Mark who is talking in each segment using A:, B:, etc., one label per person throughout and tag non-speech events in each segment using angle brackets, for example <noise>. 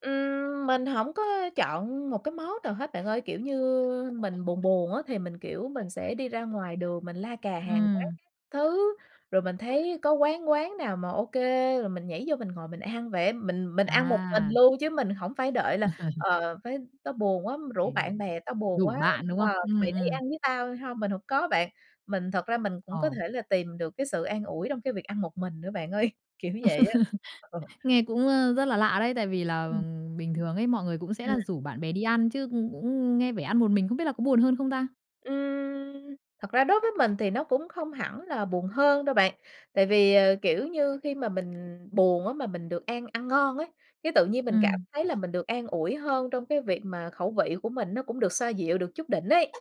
A: Ừm, mình hổng có chọn một cái món nào hết bạn ơi. Kiểu như mình buồn buồn á, thì mình, kiểu, mình sẽ đi ra ngoài đường mình la cà hàng quán
B: Ừm.
A: các thứ. Rồi mình thấy có quán quán nào mà OK, rồi mình nhảy vô mình ngồi mình ăn vậy á. Mình mình ăn một mình
B: À.
A: luôn, chứ mình hổng phải đợi là
B: <laughs>
A: "Ờ, phải tao buồn quá, rủ bạn
B: Kinh!
A: bè, tao buồn
B: Rủ
A: quá,
B: bạn, đúng không?
A: ờ, mày
B: Ừm,
A: đi
B: ừm.
A: ăn với tao hông?". Mình hổng có bạn. Mình thật ra mình cũng có
B: Ờ.
A: thể là tìm được cái sự an ủi trong cái việc ăn một mình nữa bạn ơi. Kiểu vậy á. Ờ.
B: <laughs> Nghe cũng, ơ, rất là lạ đấy. Tại vì là
A: Ừm.
B: bình thường ấy, mọi người cũng sẽ
A: Ừm.
B: là rủ bạn bè đi ăn, chứ cũng cũng nghe vẻ ăn một mình, không biết là có buồn hơn không ta?
A: Ừm, thật ra đối với mình thì nó cũng không hẳn là buồn hơn đâu bạn. Tại vì, ờ, kiểu như, khi mà mình buồn á, mà mình được ăn ăn ngon á, cái tự nhiên mình cảm
B: Ừm.
A: thấy là mình được an ủi hơn trong cái việc mà khẩu vị của mình nó cũng được xoa dịu được chút đỉnh ấy.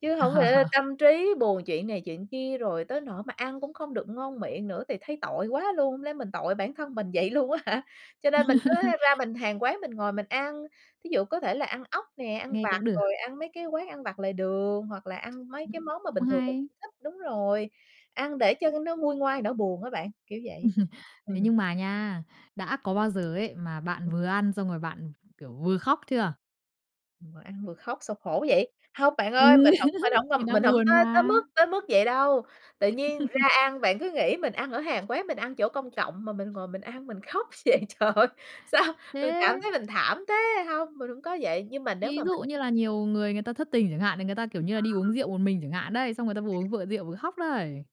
A: Chứ hổng lẽ
B: <laughs>
A: tâm trí buồn chuyện này chuyện kia, rồi tới nỗi mà ăn cũng không được ngon miệng nữa, thì thấy tội quá luôn, hông lẽ mình tội bản thân mình vậy luôn á hả! Cho nên mình cứ ra
B: <laughs>
A: mình hàng quán mình ngồi mình ăn. Thí dụ có thể là ăn ốc nè, ăn
B: Nghe
A: vặt
B: cũng được.
A: rồi ăn mấy cái quán ăn vặt lề đường, hoặc là ăn mấy
B: Ừm.
A: cái món mà bình
B: Cũng
A: thường mình
B: hay.
A: cũng thích. Đúng rồi, ăn để cho nó nguôi ngoai nỗi buồn á bạn. Kiểu vậy.
B: <laughs> Thế
A: Ừm.
B: nhưng mà nha, đã có bao giờ ấy, mà bạn
A: Ừm.
B: vừa ăn xong rồi bạn, kiểu, vừa khóc chưa?
A: Vừa ăn vừa khóc sao khổ vậy? Hông bạn ơi.
B: Ừm,
A: Mình hổng phải
B: <laughs>
A: hổng
B: thì
A: ơm,
B: đang
A: mình hổng
B: buồn
A: có tới
B: mà.
A: mức tới mức vậy đâu. Tự nhiên ra
B: <laughs>
A: ăn, bạn cứ nghĩ mình ăn ở hàng quán, mình ăn chỗ công cộng mà mình ngồi mình ăn mình khóc vậy, trời ơi, sao mình cảm
B: Thế
A: thấy mình thảm thế! Hông, mình hổng có vậy. Nhưng mà nếu
B: Ví
A: mà mình
B: dụ như là nhiều người, người ta thất tình chẳng hạn. Thì người ta, kiểu như là,
A: Ờ.
B: đi uống rượu một mình chẳng hạn đấy, xong người ta vừa
A: À.
B: uống vừa uống rượu vừa khóc đấy.